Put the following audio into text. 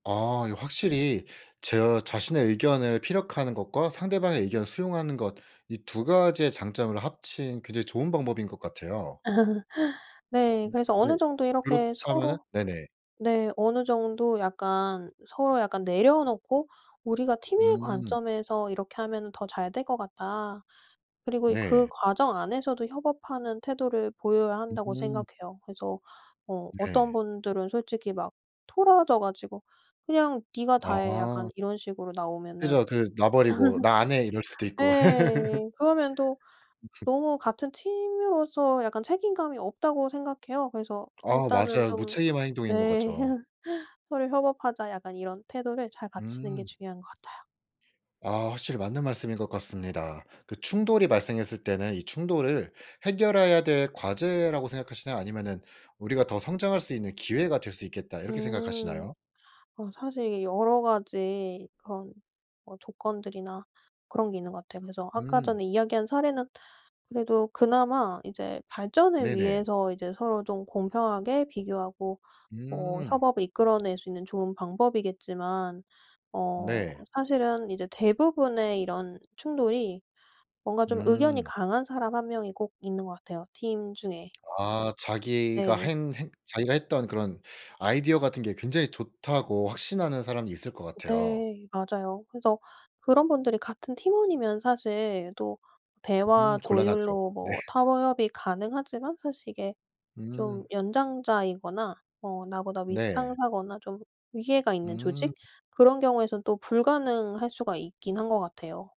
아 이거 확실히 제 자신의 의견을 피력하는 것과 상대방의 의견을 수용하는 것 이 2 가지의 장점을 합친 굉장히 좋은 방법인 것 같아요. 네. 음 그래서 네. 어느 정도 이렇게 그렇다면은 서로 네네. 네 어느 정도 약간 서로 약간 내려놓고 우리가 팀의 음. 관점에서 이렇게 하면은 더 잘 될 것 같다. 그리고 그 네. 과정 안에서도 협업하는 태도를 보여야 한다고 음. 생각해요. 그래서 어 어떤 네. 분들은 솔직히 막 토라져 가지고 "그냥 네가 다해." 약간 아. 이런 식으로 나오면은 그죠. 그 놔 버리고 "나 안 해." 이럴 수도 있고. 예. 그러면 또 너무 같은 팀으로서 약간 책임감이 없다고 생각해요. 그래서 아 일단은 맞아요. 좀 무책임한 행동인 것 네. 같죠. "서로 협업하자." 약간 이런 태도를 잘 갖추는 게 음. 중요한 것 같아요. 아 확실히 맞는 말씀인 것 같습니다. 그 충돌이 발생했을 때는 이 충돌을 해결해야 될 과제라고 생각하시나요? 아니면은 우리가 더 성장할 수 있는 기회가 될 수 있겠다 이렇게 음. 생각하시나요? 어 사실 이게 여러 가지 그런 뭐 조건들이나 그런 게 있는 것 같아요. 그래서 아까 음. 전에 이야기한 사례는 그래도 그나마 이제 발전을 네네. 위해서 이제 서로 좀 공평하게 비교하고 뭐 음. 협업을 이끌어낼 수 있는 좋은 방법이겠지만 어 네. 사실은 이제 대부분의 이런 충돌이 뭔가 좀 의견이 음. 강한 사람 1 명이 꼭 있는 것 같아요, 팀 중에. 아 자기가 네. 행 행 자기가 했던 그런 아이디어 같은 게 굉장히 좋다고 확신하는 사람이 있을 것 같아요. 네 맞아요. 그래서 그런 분들이 같은 팀원이면 사실 또 대화 음 곤란하죠. 조율로 네. 뭐 타협이 가능하지만 사실 이게 음. 좀 연장자이거나 뭐 나보다 윗 네. 상사거나 좀 위계가 있는 조직 음. 그런 경우에선 또 불가능할 수가 있긴 한 것 같아요.